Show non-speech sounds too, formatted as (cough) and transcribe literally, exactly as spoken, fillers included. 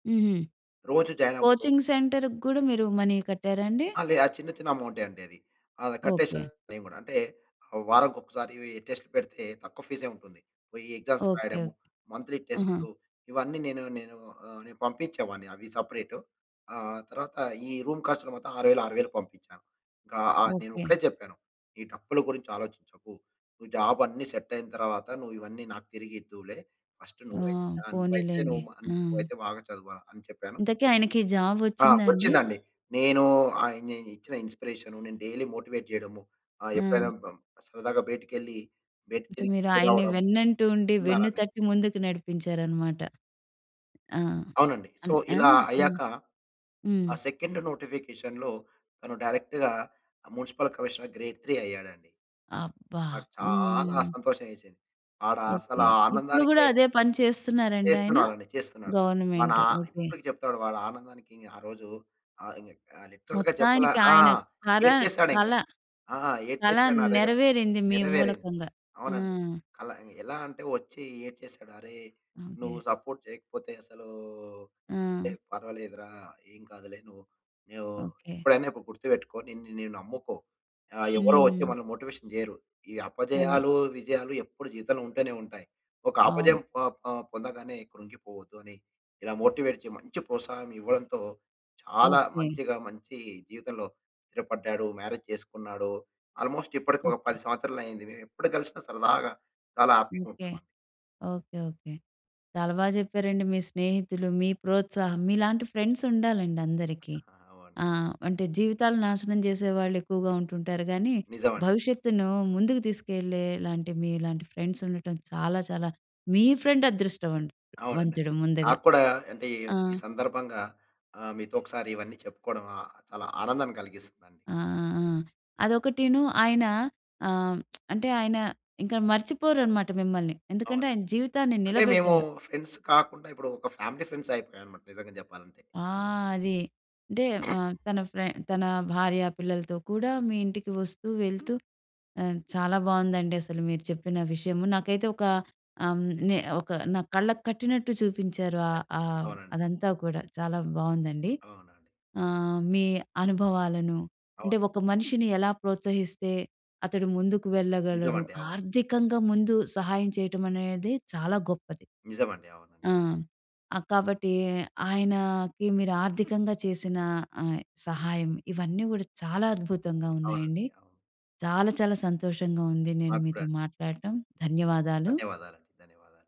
హుహు. రోజు జాయినవ్వడం. కోచింగ్ సెంటర్‌కి గూడా మీరు మనీ కట్టారండి? ఆ! లే ఆ చిన్న, చిన్న అమౌంటే అండి అది. అద కట్టేసా ఓకే. నేను గూడా. అంటే, వారంకొకసారి టెస్ట్ పెడితే, తక్కువ ఫీసే ఉంటుంది. పొయి ఎగ్జామ్స్ ఓకే. ఓకే. రాయడము, మంత్‌లీ ఆహా! టెస్టు ఇవన్నీ నేను నేను ఆహ్, నేపంపించేవాడిని అవి సెపరేటు. ఆహ్, తర్వాత ఈ రూమ్ ఖర్చులు మొత్తం ఆరు వేలు ఆరు వేలు పంపించాను. ఇంకా ఆహ్, ఓకే. నేనొకటే చెప్పాను ఈ డప్పుల గురించి ఆలోచించకు, నువ్వు జాబ్ అన్నీ సెట్టయిన తర్వాత నువ్వు ఇవన్నీ నాకు తిరిగిద్దువులే ఫస్ట్ ఆ! నువ్వైతే, ఆహ్, నువ్వైతే పోనీలేండి. నువ్వు అన్ ఆ! నువ్వైతే బాగా చదవా అని చెప్పాను. ఇంతకి ఆయనకి జాబ్ ఆ! వచ్చిందా అండి? వచ్చిందండి. నేను ఆ ఇన్ నేను ఇచ్చిన ఇన్‌స్పిరేషను, ‌నేను డైలీ మోటివేట్ జేయడము, ఆ ఎప్పుడైనా ఆ! సరదాగా బయటికెళ్లి బయట అంటే మీరు తిరిగి ఆయన్ని రావడం. వెన్నంటూ ఉండి, ఉన్నారని వెన్నుతట్టి ముందుకు నడిపించారనమాట. ఆ! అవునండి. సో, అన్ ఆ! ఇలా హ్మ్. అయ్యాక, హ్మ్. ఆ సెకండ్ నోటిఫికేషన్‌లో తను డైరెక్ట్‌‌గా మ్యునిసిపల్ కమిషనర్ గ్రేడ్ 3 అయ్యాడండి. అబ్బా! నాకు చాలా హ్మ్. సంతోషం వేసింది. ఆడ అసల ఓకే. ఇప్పుడు గూడా ఆనందానికే అదే పని చేస్తున్నారండి ఆయన? చేస్తున్నాడండి. చేస్తున్నాడు. మనా గవర్నమెంట్ ఓకే. ఇప్పటికి చెప్తాడు వాడు ఆనందానికి ఆరోజు ఆహ్, ఇంగ ఆహ్, లిట్రల్‌గా చెప్పలా మొత్తానికి ఆ! ఆయన కర ఏడ్చేసాడు ఇంగ కల, కల ఆ! చాలా ఏడ్చేసాడు నా దగ్గర నెరవేరింది మీ నెరవేరింది. మూలకంగ. ఆ! అవునండి. అలా ఎలా అంటే, వచ్చి ఏడ్చేసాడు. "అరే! నువ్వు ఓకే. సపోర్ట్ చేయకపోతే అసలూ" టె ఆ! పర్వాలేదు రా ఏం కాదులే. నువ్వు, నువ్వు ఓకే. ఎప్పుడైనొకటి గుర్తుపెట్టుకో నిన్ను నీ నమ్ముకో ఆహ్, ఎవరో వచ్చి హ్మ్. మనల్ని మోటివేషన్ చేయరు. ఈ అదే. అపజయాలు, విజయాలు ఎప్పుడు జీతంలో ఉంటూనే ఉంటాయి. ఒక అపజయం అవును. పొ పొ పొందగానే కృంగిపోవద్దు అని, ఇలా మోటివేట్ చే మంచి ప్రోత్సాహం ఇవ్వడంతో చాలా ఓకే. మంచిగా మంచి జీవితంలో స్థిరపడ్డాడు. మ్యారేజ్ చేసుకున్నాడు. ఆల్‌మో‌స్ట్ ఇప్పటికి ఒక ఓకే. పది సంవత్సరాలయింది, మేమెప్పుడు కలిసిన సరదాగా చాలా హ్యాపీగా ఓకే. ఉంటాం అండి. ఓకే. ఓకే. చాలా బాగా చెప్పారండి. మీ స్నేహితులు, మీ ప్రోత్సాహం. మీలాంటి ఫ్రెండ్స్ ఉండాలండి అందరికి. ఆ! అవును. ఆహ్, అంటే జీవితాలు నాశనం చేసే వాళ్ళు ఎక్కువగా ఉంటుంటారు గానీ, నిజమండి. భవిష్యత్తును ముందుకు తీసుకెళ్లేలాంటి మీలాంటి ఫ్రెండ్స్ ఉండటం చాలా, చాలా మీ ఫ్రెండ్ అదృష్టం అం అవునండి. వంతుడు ముందుగా. నాక్కూడా అంటే, ఈ ఆ! ఈ సందర్భంగా ఆహ్, మీతో ఒకసారి ఇవన్నీ చెప్పుకోవడం ఆహ్, చాలా ఆనందాన్ని కలిగిస్తండి. ఆ! ఆ! ఆ! అదొకటీను ఆయన ఆహ్, (smacks lips) అంటే, ఆయన ఇంక మర్చిపోరనమాట మిమ్మల్ని. ఎందుకంటే, ఆయన అవునండి. జీవితాన్ని అంటే మేము నిలబెట్టారు. ఫ్రెండ్స్ కాకుండా, ఇప్పుడు ఒక ఫ్యామిలీ ఫ్రెండ్సయిపోయామనమాట నిజంగా చెప్పాలంటే. ఆ! అది. అంటే మ తన ఫ్రె తన భార్య, పిల్లలతో కూడా మీ ఇంటికి వస్తూ, వెళ్తూ చాలా బాగుందండి. అసలు మీరు చెప్పిన విషయము. నాకైతే ఒక అ‌మ్ నె ఒక నా కళ్ళకు కట్టినట్టు చూపించారు ఆహ్, ఆహ్, అవునండి. అదంతా కూడా చాలా బాగుందండి. అవునండి. ఆహ్, మీ అనుభవాలను, అంటే అవును. ఒక మనిషిని ఎలా ప్రోత్సహిస్తే అతడు ముందుకు వెళ్ళగలడు. నిజమండి. అవును. ఆర్థికంగా ముందు సహాయం చేయటం అనేది చాలా గొప్పది. నిజమండి. అవునండి. ఆ! ఆ! కాబట్టి ఆయనకి మీరు ఆర్థికంగా చేసిన ఆహ్, సహాయం ఇవన్నీ గూడా చాలా అద్భుతంగా అవునండి. ఉన్నాయండి. అవును. చాలా, చాలా సంతోషంగా ఉంది నేను నాక్కూడా. మీతో మాట్లాడటం. ధన్యవాదాలు. ధన్యవాదాలండి. ధన్యవాదాలు.